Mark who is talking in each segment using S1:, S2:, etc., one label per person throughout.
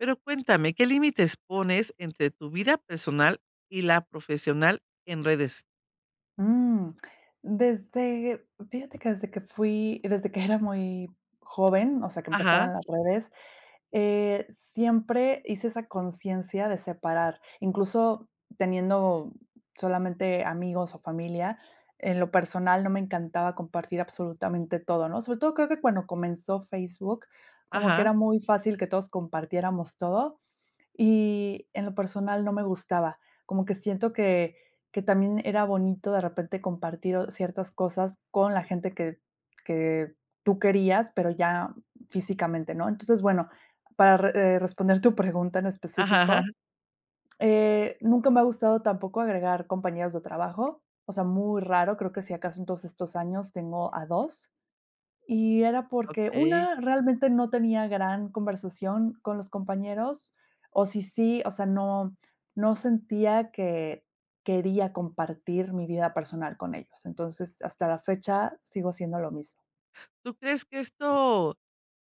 S1: Pero cuéntame, ¿qué límites pones entre tu vida personal y la profesional en redes?
S2: Mm, desde fíjate que desde que fui desde que era muy joven, o sea, que empezaba
S1: Ajá.
S2: en las redes, eh, siempre hice esa consciencia de separar. Incluso teniendo solamente amigos, o, familia, en lo personal no me encantaba compartir absolutamente todo, ¿no? Sobre todo creo que cuando comenzó Facebook como que
S1: Ajá.
S2: era muy fácil que todos compartiéramos todo y en lo personal no me gustaba. Como que siento que que también era bonito de repente compartir, o ciertas cosas con la gente que que tú querías, pero ya físicamente, ¿no? Entonces, bueno, para re eh, responder tu pregunta en
S1: Ajá, ajá, ajá.
S2: específico, eh, nunca me ha gustado tampoco agregar compañeros de trabajo, o sea, muy raro, creo que si acaso en todos estos años tengo a 2 y era porque
S1: Okey.
S2: una, realmente no tenía gran conversación con los compañeros, o, si sí, o sea, no no sentía que quería compartir mi vida personal con ellos. Entonces, hasta la fecha sigo haciendo lo mismo.
S1: ¿Tú crees que esto?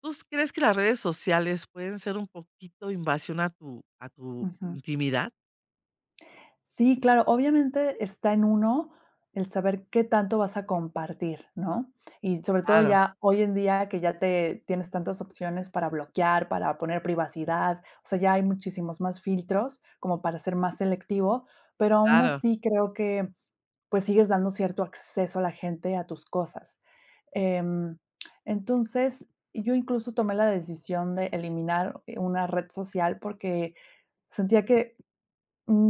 S1: ¿Tú crees que las redes sociales pueden ser un poquito, invasión a tu a tu
S2: Ujú.
S1: intimidad?
S2: Sí, claro. Obviamente está en uno, el saber qué tanto vas a compartir, ¿no?, y sobre todo
S1: Claro.
S2: ya hoy en día que ya te tienes tantas opciones para bloquear, para poner privacidad, o sea, ya hay muchísimos más filtros como para ser más selectivo, pero aún
S1: Claro.
S2: así creo que, pues, sigues dando cierto acceso a la gente a tus cosas. Em, entonces, yo incluso tomé la decisión de eliminar, eh, una red social porque sentía que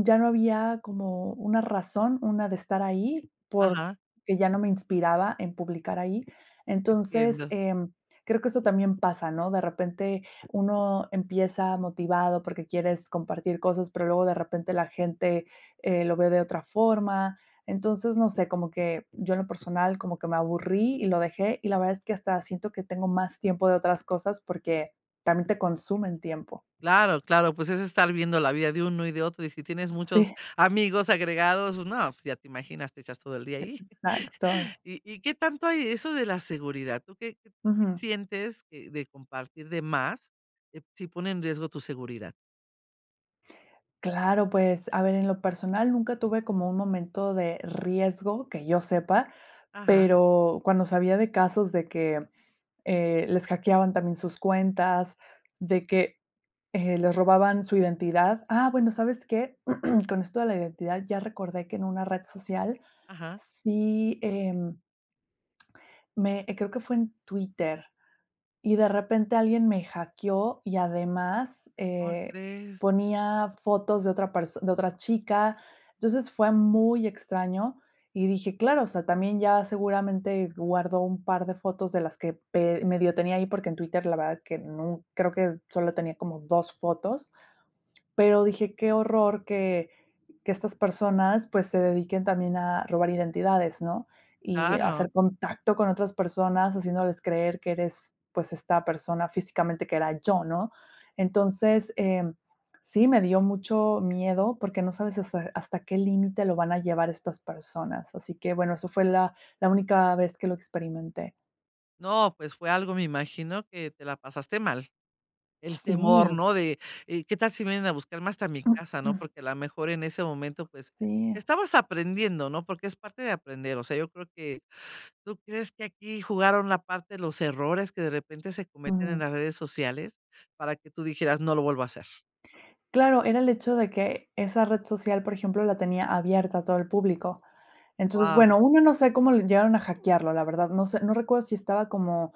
S2: ya no había como una razón, una de estar ahí, porque
S1: Ajá.
S2: que ya no me inspiraba en publicar ahí. Entonces,
S1: Entiendo.
S2: em, creo que esto también pasa, ¿no?, de repente uno empieza motivado porque quieres compartir cosas, pero luego de repente la gente, eh, lo ve de otra forma. Entonces, no sé, como que yo en lo personal como que me aburrí y lo dejé, y la verdad es que hasta siento que tengo más tiempo de otras cosas porque también te consumen tiempo.
S1: Claro, claro, pues es estar viendo la vida de uno y de otro, y si tienes muchos
S2: Sí.
S1: amigos agregados, pues, no, pues ya te imaginas, te echas todo el día ahí.
S2: Exacto.
S1: Y y, ¿qué tanto hay eso de la seguridad? ¿Tú qué tú qué
S2: Ujú.
S1: sientes que de compartir de más, eh, si pone en riesgo tu seguridad?
S2: Claro, pues, a ver, en lo personal nunca tuve como un momento de riesgo, que yo sepa.
S1: Ajá.
S2: Pero, cuando sabía de casos de que, eh, les hackeaban también sus cuentas, de que, eh, les robaban su identidad. Ah, bueno, ¿sabes qué? Con esto de la identidad ya recordé que en una red social,
S1: Ajá.
S2: sí, em. Me creo que fue en Twitter, y de repente alguien me hackeó y además,
S1: ¿Como
S2: eh,
S1: crees?
S2: ponía fotos de otra person de otra chica. Entonces fue muy extraño y dije: "Claro", o sea, también ya seguramente guardó un par de fotos de las que pe medio tenía ahí, porque en Twitter la verdad que nu creo que solo tenía como 2 fotos. Pero dije: "Qué horror que que estas personas, pues, se dediquen también a robar identidades", ¿no? Y
S1: Claro.
S2: hacer contacto con otras personas, haciéndoles creer que eres, pues, esta persona físicamente que era yo, ¿no? Entonces, em, sí me dio mucho miedo, porque, no sabes ese hasta qué límite lo van a llevar estas personas. Así que, bueno, eso fue la la única vez que lo experimenté.
S1: No, pues fue algo me imagino que te la pasaste mal. El temor,
S2: Sí.
S1: ¿no?, de, eh, qué tal si vienen a buscarme hasta mi casa, ¿no? Porque a la mejor en ese momento, pues,
S2: Sí.
S1: estabas aprendiendo, ¿no?, porque es parte de aprender. O sea, yo creo que ¿Tú crees que aquí jugaron la parte los errores que de repente se cometen en
S2: Ujú.
S1: las redes sociales para que tú dijeras: "No lo vuelvo a hacer"?
S2: Claro, era el hecho de que esa red social, por ejemplo, la tenía abierta a todo el público. Entonces,
S1: Guau.
S2: bueno, 1 no sé cómo le llegaron a hackearlo, la verdad, no sé, no recuerdo si estaba como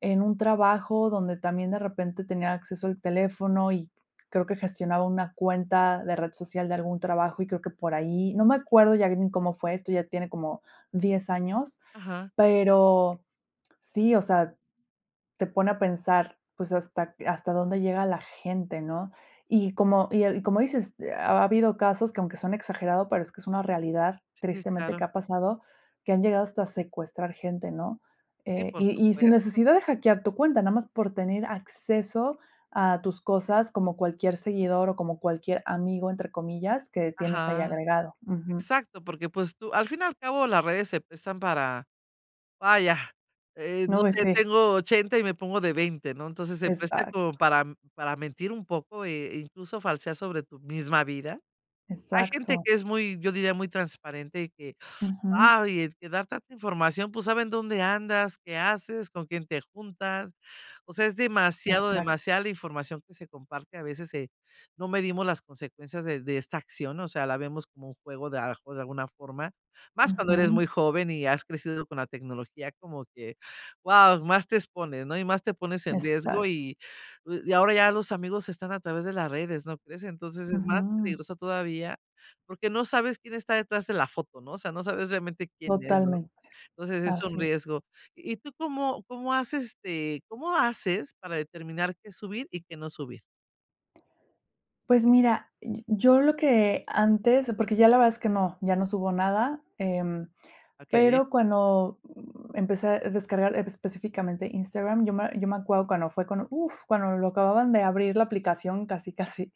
S2: en un trabajo donde también de repente tenía acceso al teléfono, y creo que gestionaba una cuenta de red social de algún trabajo, y creo que por ahí, no me acuerdo ya ni cómo fue. Esto ya tiene como 10 años,
S1: Ajá.
S2: pero sí, o sea, te pone a pensar, pues, hasta q hasta dónde llega la gente, ¿no? Y como y, eh, y como dices, ha habido casos que aunque suene exagerado, pero es que es una realidad
S1: Sí,
S2: tristemente
S1: claro.
S2: que ha pasado, que han llegado hasta secuestrar gente, ¿no?,
S1: Sí,
S2: eh,
S1: por
S2: y y sin
S1: supuesto.
S2: necesidad de hackear tu cuenta, nada más por tener acceso a tus cosas como cualquier seguidor, o como cualquier "amigo", entre comillas, que tienes ahí
S1: Ajá.
S2: agregado. Ujú.
S1: Exacto, porque pues, tú al fin y al cabo, las redes se prestan para, vaya, eh, no sé
S2: [unintelligible]
S1: tengo 80 y me pongo de 20 ¿no? Entonces, se presta
S2: Exacto.
S1: como para, mm, para mentir un poco, e incluso falsear sobre tu misma vida. Hay gente
S2: Exacto.
S1: que es muy, yo diría, muy transparente y que,
S2: Ujú.
S1: ay, es que dar tanta información, pues saben dónde andas, qué haces, con quién te juntas. O sea, es demasiado
S2: Exacto.
S1: demasiada la información que se comparte. A veces se no medimos las consecuencias de de esta acción, o sea, la vemos como un juego de, a lo mejor, de alguna forma, más cuando eres muy
S2: Ujú.
S1: joven y has crecido con la tecnología como que guau, más te expones, ¿no?, y más te pones en riesgo.
S2: Exacto.
S1: Y u y ahora ya los amigos están a través de las redes, ¿no crees? Entonces, es más
S2: Ujú.
S1: peligroso todavía porque no sabes quién está detrás de la foto, ¿no? O sea, no sabes realmente quién es, ¿no?
S2: Totalmente.
S1: Entonces, es un
S2: Así.
S1: riesgo. ¿Y tú cómo cómo haces, este, cómo haces para determinar qué subir y qué no subir?
S2: Pues mira, yo lo que antes, porque ya la verdad es que no, ya no subo nada, eh,
S1: Okey.
S2: pero cuando, mm, empecé a descargar específicamente Instagram, yo me yo me acuerdo cuando fue cuando, uf, cuando lo acababan de abrir, la aplicación, casi casi,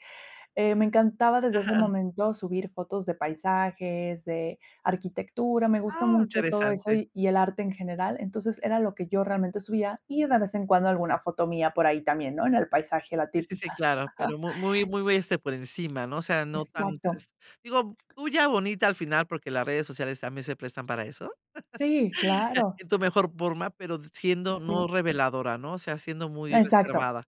S2: eh, me encantaba desde ese
S1: Ajá.
S2: momento subir fotos de paisajes, de arquitectura, me gusta
S1: Ah,
S2: mucho todo eso
S1: interesante.
S2: y y el arte en general, entonces era lo que yo realmente subía y de vez en cuando alguna foto mía por ahí también, ¿no?, en el paisaje, la
S1: Sí sí sí,
S2: típica.
S1: claro pero mu muy muy, este, por encima no, o sea, no tan,
S2: Exacto.
S1: pues, digo bulla bonita al final porque las redes sociales también se prestan para eso
S2: Sí, claro.
S1: en tu mejor forma pero siendo no
S2: Sí.
S1: reveladora, ¿no?, o sea, siendo muy
S2: Exacto,
S1: reservada.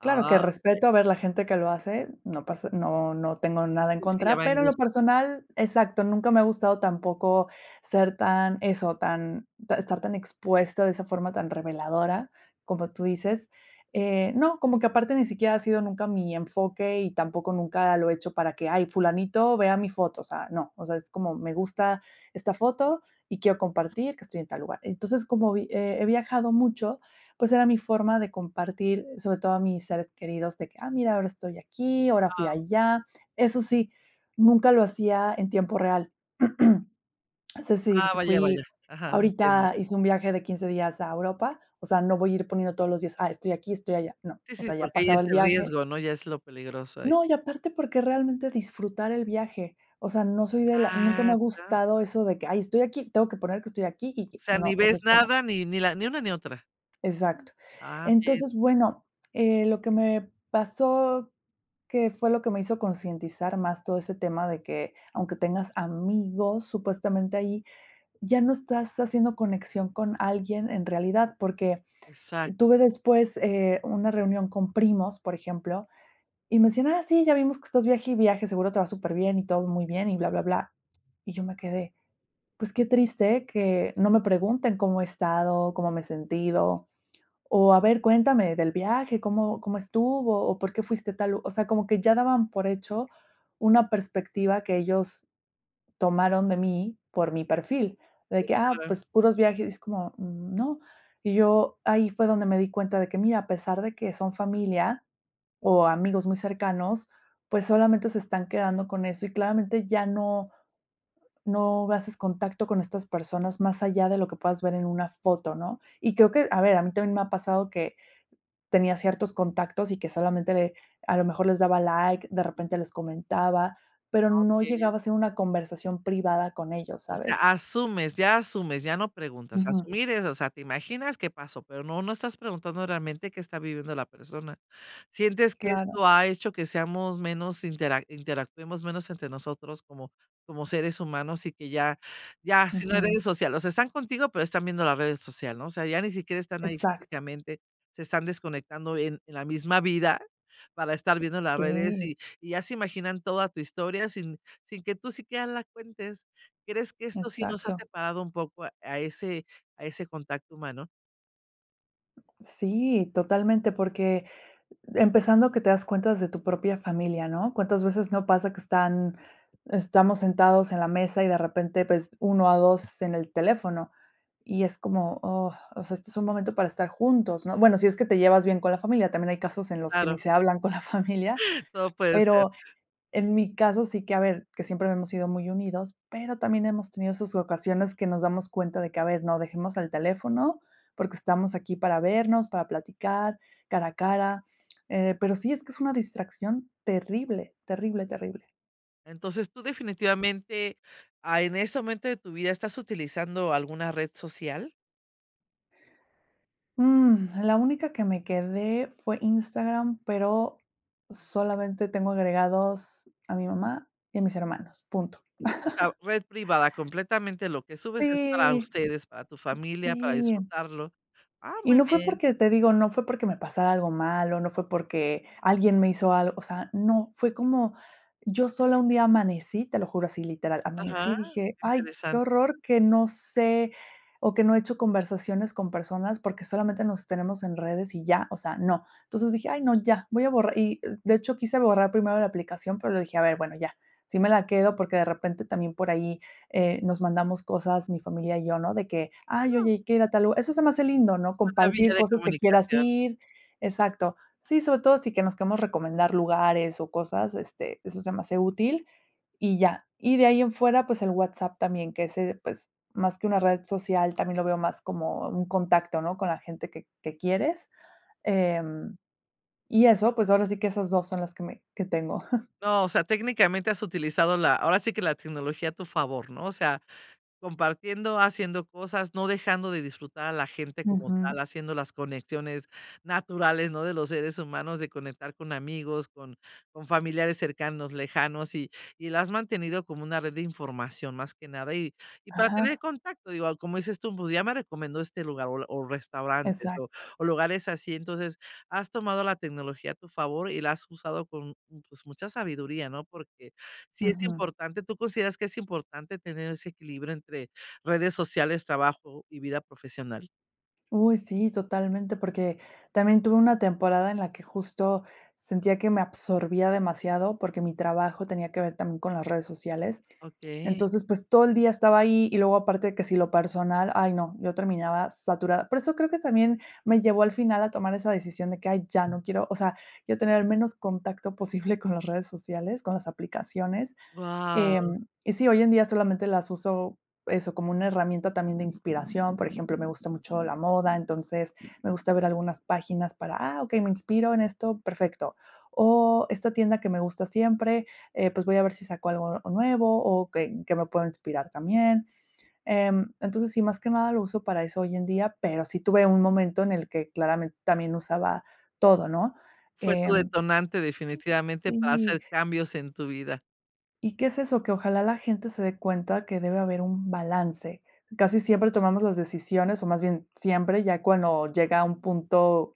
S2: claro que
S1: okey.
S2: respeto a ver la gente que lo hace, no pasa no no tengo nada en
S1: Sí sí, ya
S2: contra,
S1: va en
S2: pero en
S1: gusto.
S2: lo personal, exacto, nunca me ha gustado tampoco ser tan, eso tan ta estar tan expuesta de esa forma tan reveladora, como tú dices, eh, no, como que aparte ni siquiera ha sido nunca mi enfoque y tampoco nunca lo he hecho para que, ay, fulanito vea mi foto, o sea, no, o sea, es como me gusta esta foto y quiero compartir que estoy en tal lugar, entonces, como vi he he viajado mucho, pues, era mi forma de compartir, sobre todo a mis seres queridos, de que, ah, mira, ahora estoy aquí, ahora fui
S1: Guau.
S2: allá, eso sí, nunca lo hacía en tiempo real. Es decir,
S1: Ah,
S2: si
S1: vaya vaya,
S2: fui
S1: ajá, entiendo.
S2: ahorita hice un viaje de 15 días a Europa, o sea, no voy a ir poniendo todos los días, ah, estoy aquí, estoy allá, no,
S1: Sí
S2: o
S1: sí,
S2: sea, ya
S1: porque ya es
S2: pasaba el
S1: el
S2: viaje.
S1: riesgo, ¿no?, ya es lo peligroso ahí.
S2: No, y aparte porque realmente disfrutar el viaje, o sea, no soy de la nunca me ha
S1: Ah, ya.
S2: gustado eso de que, ay, estoy aquí, tengo que poner que estoy aquí y
S1: O
S2: que
S1: sea, ni
S2: no, o sea
S1: ves
S2: es como.
S1: nada, ni ni la ni una, ni otra.
S2: Exacto,
S1: Ah, bien.
S2: entonces bueno, eh, lo que me pasó, que fue lo que me hizo concientizar más todo ese tema de que aunque tengas amigos supuestamente ahí, ya no estás haciendo conexión con alguien en realidad porque
S1: Exacto.
S2: tuve después, eh, una reunión con primos, por ejemplo, y me decían, ah sí, ya vimos que estás viaje y viaje, seguro te va súper bien y todo muy bien y bla bla bla, y yo me quedé, pues qué triste que no me pregunten cómo he estado, cómo me he sentido, o, a ver cuéntame del viaje, cómo cómo estuvo, o, por qué fuiste a tal lu o sea, como que ya daban por hecho una perspectiva que ellos tomaron de mí por mi perfil,
S1: Sí,
S2: de que, ah,
S1: claro.
S2: pues puros viajes, es como, no, y yo ahí fue donde me di cuenta de que, mira, a pesar de que son familia o amigos muy cercanos, pues, solamente se están quedando con eso y claramente ya no no haces contacto con estas personas más allá de lo que puedas ver en una foto, ¿no?, y creo que, a ver, a mí también me ha pasado que tenía ciertos contactos y que solamente le a lo mejor, les daba like, de repente les comentaba, pero
S1: Ah,
S2: no
S1: okey.
S2: llegaba a ser una conversación privada con ellos,
S1: O sea,
S2: ¿sabes?
S1: asumes, ya asumes, ya no preguntas,
S2: Ujú.
S1: asumir es, o sea, te imaginas qué pasó, pero no no estás preguntando realmente qué está viviendo la persona, sientes que
S2: Claro.
S1: esto ha hecho que seamos menos intera interactuemos menos entre nosotros como como seres humanos, y que ya ya si no
S2: Ujú.
S1: eres social, o sea, están contigo, pero están viendo las redes social, ¿no?, o sea, ya ni siquiera están ahí
S2: Exacto.
S1: físicamente, se están desconectando en en la misma vida, para estar viendo las redes
S2: Sí.
S1: y y ya se imaginan toda tu historia, sin sin que tú sí quiera las cuentes. ¿Crees que esto sí nos ha
S2: Exacto.
S1: separado un poco a ese a ese contacto humano?
S2: Sí, totalmente, porque empezando que te das cuenta desde tu propia familia, ¿no? Cuántas veces no pasa que están estamos sentados en la mesa y de repente, pues, 1 a 2 en el teléfono. Y es como: "Oh, o sea, este es un momento para estar juntos", ¿no? Bueno, si es que te llevas bien con la familia, también hay casos en que
S1: Claro.
S2: ni se hablan con la familia,
S1: Todo puede ser.
S2: pero en mi caso, sí que, a ver, que siempre hemos sido muy unidos. Pero también hemos tenido sus ocasiones, que nos damos cuenta de que, a ver, no, dejemos el teléfono, porque estamos aquí para vernos, para platicar cara a cara. Eh, pero sí es que es una distracción terrible, terrible, terrible.
S1: Entonces, ¿tú, definitivamente, ah, en este momento de tu vida estás utilizando alguna red social?
S2: Mm, la única que me quedé fue Instagram, pero, solamente, tengo agregados a mi mamá y a mis hermanos, punto.
S1: O sea, red privada completamente, lo que subes es para
S2: Sí.
S1: ustedes, para tu familia, para
S2: Sí.
S1: disfrutarlo. Ah,
S2: Y
S1: muy
S2: no fue
S1: bien.
S2: porque, te digo, no fue porque me pasara algo malo, no fue porque alguien me hizo algo. O sea, no, fue como yo sola un día amanecí, te lo juro así, literal, amanecí
S1: Ajá.
S2: y dije:
S1: Qué
S2: "Ay, qué
S1: interesante.
S2: horror que no sé" o que no he hecho conversaciones con personas, porque, solamente, nos tenemos en redes y ya, o sea, no. Entonces dije: "Ay no, ya voy a borrar" y de hecho quise borrar primero la aplicación, pero, luego dije a ver bueno ya, sí me la quedo, porque, de repente, también por ahí, eh, nos mandamos cosas mi familia y yo, ¿no? De que, ay, oye,
S1: [unintelligible]
S2: hay que ir a tal lu eso se me hace lindo, ¿no?,
S1: Maravilla
S2: compartir
S1: de
S2: cosas que quieras
S1: comunicación.
S2: ir. Exacto. Sí, sobre todo sí, que nos queremos recomendar lugares o cosas, este, eso se me hace útil, y ya. Y de ahí en fuera, pues, el WhatsApp, también que ese, pues, más que una red social, también lo veo más como un contacto, ¿no?, con la gente que que quieres, em, y eso. Pues, ahora sí que esas 2 son las que me que tengo.
S1: No, o sea, técnicamente, has utilizado la, ahora sí que, la tecnología a tu favor, ¿no? O sea compartiendo, haciendo cosas, no dejando de disfrutar a la gente como tal,
S2: Ujú.
S1: haciendo las conexiones naturales, ¿no?, de los seres humanos, de conectar con amigos, con con familiares cercanos, lejanos, y y la has mantenido como una red de información, más que nada. Y y para tener
S2: Ajá.
S1: contacto, digo, como dices tú: "Pues, ya me recomendó este lugar o la o restaurantes o
S2: Exacto.
S1: o lugares así. Entonces, has tomado la tecnología a tu favor, y la has usado con, mm, pues, mucha sabiduría, ¿no?, porque sí es
S2: Ujú.
S1: importante. ¿Tú consideras que es importante, tener ese equilibrio, entre redes sociales, trabajo, y vida profesional?
S2: Uy, sí totalmente porque también tuve una temporada en la que justo sentía que me absorbía demasiado, porque mi trabajo tenía que ver también con las redes sociales.
S1: Okey.
S2: Entonces, pues todo el día estaba ahí y luego aparte de que si lo personal, ay no, yo terminaba saturada. Por eso creo que también me llevó al final a tomar esa decisión de que: "Ay, ya no quiero", o sea, yo tener el menos contacto posible con las redes sociales, con las aplicaciones.
S1: Guau.
S2: Em, y sí, hoy en día solamente las uso, eso, como una herramienta también de inspiración, por ejemplo, me gusta mucho la moda, entonces, me gusta ver algunas páginas para "ah, okey, me inspiro en esto, perfecto". O esta tienda que me gusta siempre, eh, pues, voy a ver si saco algo, o nuevo o que en que me puedo inspirar también, em. Entonces sí, más que nada lo uso para eso hoy en día, pero sí tuve un momento en el que claramente también usaba todo, ¿no?,
S1: Fue tu
S2: em.
S1: detonante definitivamente para
S2: Sí.
S1: hacer cambios en tu vida.
S2: Y, ¿qué es eso?, que ojalá la gente se dé cuenta que debe haber un balance. Casi siempre tomamos las decisiones, o, más bien siempre, ya cuando llega a un punto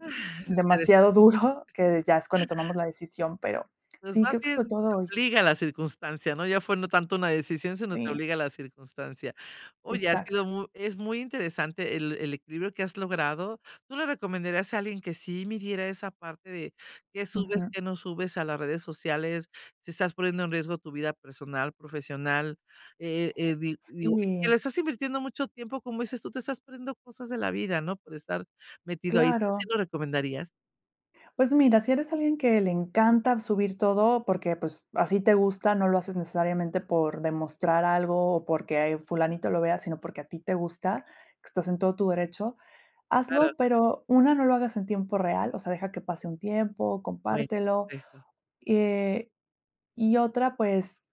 S1: Ah, interesan
S2: demasiado duro, que de ya es cuando tomamos la decisión, pero,
S1: Pues
S2: sí,
S1: más
S2: creo que
S1: bien
S2: fue
S1: te
S2: todo hoy.
S1: obliga a la circunstancia, no ya fue no tanto una decisión, sino te
S2: Sí.
S1: obliga la circunstancia. Oye, ha sido
S2: Exacto.
S1: muy es muy interesante el el equilibrio que has logrado. Tú le recomendarías a alguien que sí midiera esa parte de, que subes,
S2: Ujú.
S1: que no subes, a las redes sociales. Si estás poniendo en riesgo tu vida personal, profesional, eh eh, di digo que
S2: SÍ.
S1: le estás invirtiendo mucho tiempo, como dices tú, te estás poniendo cosas de la vida, no por estar metido ahí, ¿tu
S2: Claro.
S1: si lo recomendarías?
S2: Pues, mira, si eres alguien que le encanta subir todo porque, pues, a si te gusta, no lo haces necesariamente por demostrar algo, o porque, eh, fulanito lo vea, sino porque a ti te gusta, que estás en todo tu derecho,
S1: Claro.
S2: hazlo, pero 1, no lo hagas en tiempo real, o sea, deja que pase un tiempo,
S1: Fue,
S2: compártelo.
S1: por eso.
S2: Y, eh, y otra, pues,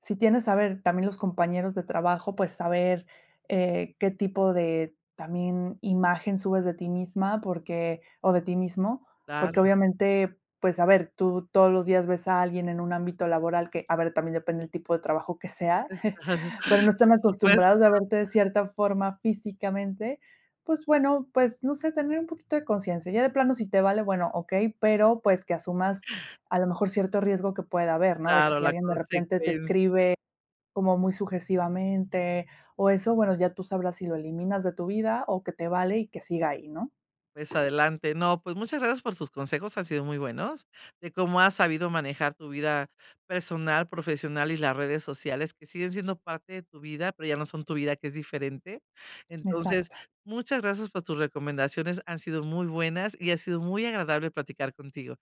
S2: si tienes, a ver, también los compañeros de trabajo, pues, saber, eh, qué tipo de también imagen subes de ti misma porque o de ti mismo,
S1: Claro.
S2: porque, obviamente, pues, a ver, tú todos los días ves a alguien en un ámbito laboral que a ver, también depende del tipo de trabajo que sea,
S1: Pues, claro,
S2: pero no están
S1: por supuesto.
S2: acostumbrados a verte de cierta forma físicamente, pues, bueno, pues, no sé, tener un poquito de conciencia. Ya de plano si te vale, bueno, okey, pero, pues, que asumas, a lo mejor, cierto riesgo que pueda haber, ¿no? De que
S1: Claro,
S2: si
S1: la
S2: alguien, de repente, te
S1: consecuencia.
S2: escribe como muy sujesivamente, o, eso, bueno, ya tú sabrás si lo eliminas de tu vida, o, que te vale y que siga ahí, ¿no?
S1: Pues, adelante. No, pues, muchas gracias por sus consejos, han sido muy buenos, de cómo has sabido manejar tu vida personal, profesional y las redes sociales, que siguen siendo parte de tu vida, pero ya no son tu vida, que es diferente. Entonces,
S2: Exacto.
S1: muchas gracias por tus recomendaciones, han sido muy buenas, y ha sido muy agradable platicar contigo.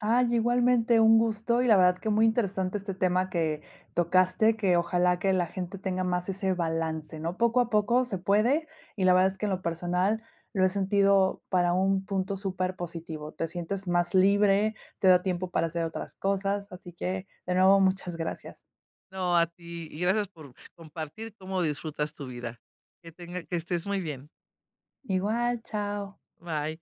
S2: Ay, igualmente un gusto, y la verdad que muy interesante este tema que tocaste, que ojalá que la gente tenga más ese balance, ¿no? Poco a poco se puede, y la verdad es que en lo personal lo he sentido para un punto superpositivo. Te sientes más libre, te da tiempo para hacer otras cosas, así que, de nuevo, muchas gracias.
S1: No, a ti, y gracias por compartir cómo disfrutas tu vida. Que tenga que estés muy bien.
S2: Igual, chao.
S1: Bye.